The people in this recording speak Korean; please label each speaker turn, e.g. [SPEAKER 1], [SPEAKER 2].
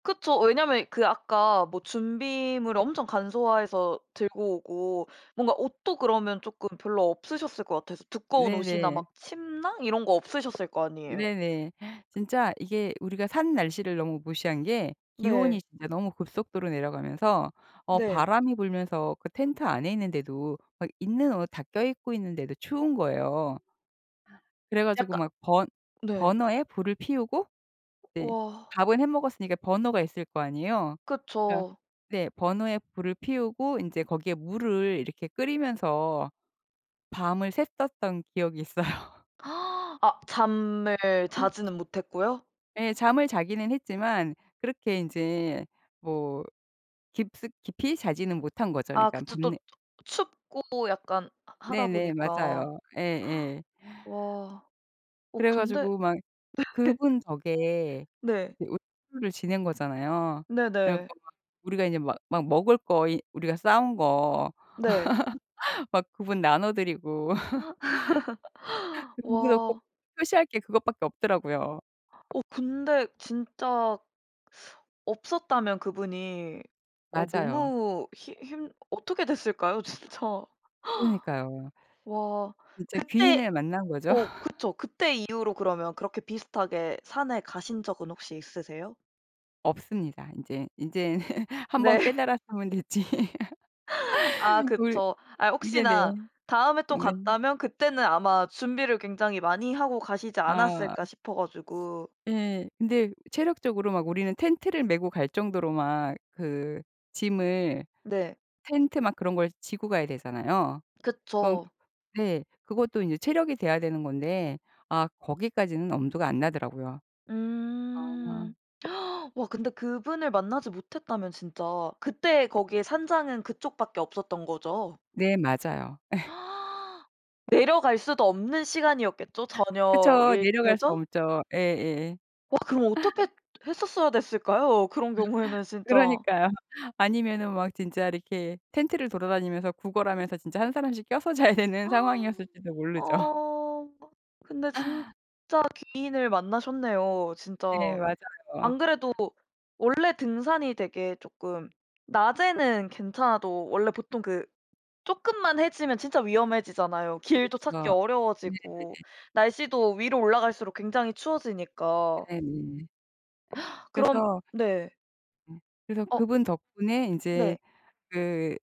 [SPEAKER 1] 그쵸. 왜냐하면 그 아까 뭐 준비물을 엄청 간소화해서 들고 오고 뭔가 옷도 그러면 쪼끔 별로 없으셨을 것 같아서 두꺼운 옷이나
[SPEAKER 2] 네네.
[SPEAKER 1] 막 침낭 이런 거 없으셨을 거 아니에요.
[SPEAKER 2] 네네. 진짜 이게 우리가 산 날씨를 너무 무시한 게 기온이
[SPEAKER 1] 네.
[SPEAKER 2] 진짜 너무 급속도로 내려가면서 어
[SPEAKER 1] 네.
[SPEAKER 2] 바람이 불면서 그 텐트 안에 있는데도 막 있는 옷 다 껴입고 있는데도 추운 거예요. 아 그래 가지고
[SPEAKER 1] 약간
[SPEAKER 2] 막 번
[SPEAKER 1] 네.
[SPEAKER 2] 버너에 불을 피우고 네.
[SPEAKER 1] 와.
[SPEAKER 2] 밥은 해 먹었으니까 버너가 있을 거 아니에요. 그러니까
[SPEAKER 1] 그쵸.
[SPEAKER 2] 네, 버너에 불을 피우고 인제 거기에 물을 이렇게 끓이면서 밤을 샜었던 기억이 있어요.
[SPEAKER 1] 아 잠을 자지는 못했고요?
[SPEAKER 2] 네, 잠을 자기는 했지만 그렇게 이제 뭐 깊숙 깊이 자지는 못 한거죠.
[SPEAKER 1] 아
[SPEAKER 2] 그러니까
[SPEAKER 1] 그쵸 또
[SPEAKER 2] 밤내
[SPEAKER 1] 춥고 약간 하 하다
[SPEAKER 2] 네네,
[SPEAKER 1] 보니까.
[SPEAKER 2] 맞아요. 예예.
[SPEAKER 1] 와 어
[SPEAKER 2] 그래
[SPEAKER 1] 근데
[SPEAKER 2] 가지고 막
[SPEAKER 1] 네.
[SPEAKER 2] 그분 덕에
[SPEAKER 1] 네.
[SPEAKER 2] [unintelligible] 를 지낸 거잖아요. 그래
[SPEAKER 1] 네네.
[SPEAKER 2] 갖고 막 우리가 이제 막 막 먹을 거 이 우리가 싸 온 거
[SPEAKER 1] 네.
[SPEAKER 2] 막 그분 나눠 드리고 그리 거기서 꼭
[SPEAKER 1] 와.
[SPEAKER 2] 표시할 게 그것밖에 없더라고요.
[SPEAKER 1] 어 근데 진짜 없었다면 그분이 어
[SPEAKER 2] 맞아요.
[SPEAKER 1] 너무 힘 힘 어떻게 됐을까요? 진짜.
[SPEAKER 2] 그러니까요.
[SPEAKER 1] 와
[SPEAKER 2] 진짜
[SPEAKER 1] 그때
[SPEAKER 2] 귀인을 만난 거죠.
[SPEAKER 1] 어 그쵸. 그때 이후로 그러면 그렇게 비슷하게 산에 가신 적은 혹시 있으세요?
[SPEAKER 2] 없습니다. 인제, 인제 1 번
[SPEAKER 1] 네.
[SPEAKER 2] 깨달았으면 됐지.
[SPEAKER 1] 아
[SPEAKER 2] 우리
[SPEAKER 1] 그쵸. 아
[SPEAKER 2] 네네.
[SPEAKER 1] 혹시나 다음에 또
[SPEAKER 2] 네.
[SPEAKER 1] 갔다면 그때는 아마 준비를 굉장히 많이 하고 가시지
[SPEAKER 2] 아.
[SPEAKER 1] 않았을까 싶어 가지고.
[SPEAKER 2] 예, 근데 체력적으로 막 우리는 텐트를 메고 갈 정도로 막 그 짐을
[SPEAKER 1] 네.
[SPEAKER 2] 텐트 막 그런 걸 지고 가야 되잖아요. 그건
[SPEAKER 1] 그쵸.
[SPEAKER 2] 네, 그것도 이제 체력이 돼야 되는 건데 아 거기까지는 엄두가 안 나더라고요. 아.
[SPEAKER 1] 음 와 근데 그분을 만나지 못했다면 진짜 그때 거기에 산장은 그쪽 밖에 없었던 거죠?
[SPEAKER 2] 네 맞아요.
[SPEAKER 1] 내려갈 수도 없는 시간이었겠죠?
[SPEAKER 2] 그쵸.
[SPEAKER 1] 저녁일
[SPEAKER 2] 내려갈 수
[SPEAKER 1] 테죠?
[SPEAKER 2] 없죠. 예, 예예.
[SPEAKER 1] 와 그럼 어떻게 했었어야 됐을까요? 그런 경우에는 진짜.
[SPEAKER 2] 그러니까요. 아니면은 막 진짜 이렇게 텐트를 돌아다니면서 구걸하면서 진짜 1 사람씩 껴서 자야 되는 상황이었을지도 모르죠.
[SPEAKER 1] 아 근데 진짜 귀인을 만나셨네요
[SPEAKER 2] 네,
[SPEAKER 1] 진짜.
[SPEAKER 2] 맞아요.
[SPEAKER 1] 안 그래도 원래 등산이 되게 쪼끔 낮에는 괜찮아도 원래 보통 그 쪼끔만 해지면 진짜 위험해지잖아요. 길도 찾기
[SPEAKER 2] 그렇죠.
[SPEAKER 1] 어려워지고
[SPEAKER 2] 네네.
[SPEAKER 1] 날씨도 위로 올라갈수록 굉장히 추워지니까.
[SPEAKER 2] 네네.
[SPEAKER 1] 그럼
[SPEAKER 2] 그래서
[SPEAKER 1] 네.
[SPEAKER 2] 예 그래서
[SPEAKER 1] 어.
[SPEAKER 2] 그분 덕분에 인제
[SPEAKER 1] 네.
[SPEAKER 2] 그